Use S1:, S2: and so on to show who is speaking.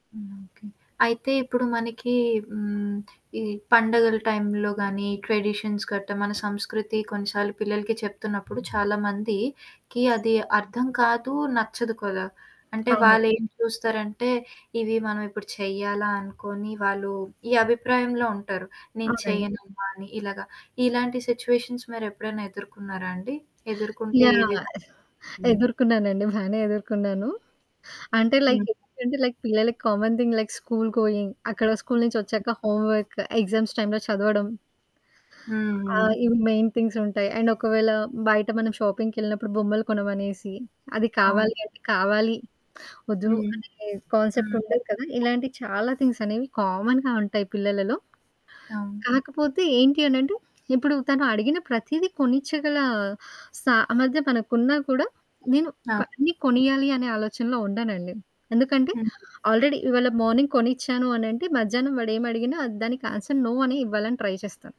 S1: హ్మ్. ఓకే, అయితే ఇప్పుడు మనకి హ్మ్, ఈ పండుగల టైంలో కానీ ట్రెడిషన్స్ గట్టా, మన సంస్కృతి కొన్నిసార్లు పిల్లలకి చెప్తున్నప్పుడు చాలామందికి అది అర్థం కాదు, నచ్చదు కదా! అంటే
S2: అవునండి.
S1: వాళ్ళేం చూస్తారంటే, ఇవి మనం ఇప్పుడు చెయ్యాలా అనుకోని వాళ్ళు ఈ అభిప్రాయంలో ఉంటారు. నేను
S2: అవునండి.
S1: చేయనమ్మా అని ఇలాగ, ఇలాంటి సిట్యుయేషన్స్ మీరెప్పుడనా ఎదుర్కొన్నారా అండి? ఎదుర్కొంటే ఏ
S2: యాహ్!
S1: విధంగా? హ్మ్.
S2: ఎదుర్కున్నానండి, బానే ఎదుర్కున్నాను. అంటే
S1: హ్మ్.
S2: లైక్ ఎందుకంటే లైక్ పిల్లలకి common thing. Like school going, అక్కడ స్కూలు నుంచొచ్చాక హోంవర్క్, ఎగ్జామ్స్ టైమ్‌లో చదవడం ఆ!
S1: హ్మ్.
S2: ఇవి మెయిన్ థింగ్స్ ఉంటాయి. అండ్ ఒకవేళ, బయట మనం షాపింగ్‌కెళ్ళినప్పుడు బొమ్మలు కొనమనేసి, అది
S1: అవును.
S2: కావాలి అంటే, కావాలి వద్దు
S1: హ్మ్.
S2: అనే కాన్సెప్ట్
S1: హ్మ్.
S2: ఉండదు కదా! ఇలాంటి చాలా థింగ్స్ అనేవి కామన్‌గా ఉంటాయి పిల్లలలో.
S1: అవును.
S2: కాకపోతే ఏంటి అనంటే, ఇప్పుడు తను అడిగిన ప్రతీదీ కొనిచ్చగల సామర్థ్యం మనకున్నా కూడా, నేను క
S1: అవును.
S2: అన్నీ కొనియ్యాలి అనే ఆలోచనలో ఉండనండి. ఎందుకంటే
S1: హ్మ్.
S2: ఆల్రెడీ ఇవ్వాళ మార్నింగ్ కొనిచ్చాను అనంటే, మధ్యాహ్నం వాడేమి అడిగిన దానికి ఆన్సర్, నో అనే ఇవ్వాలని ట్రై చేస్తాను.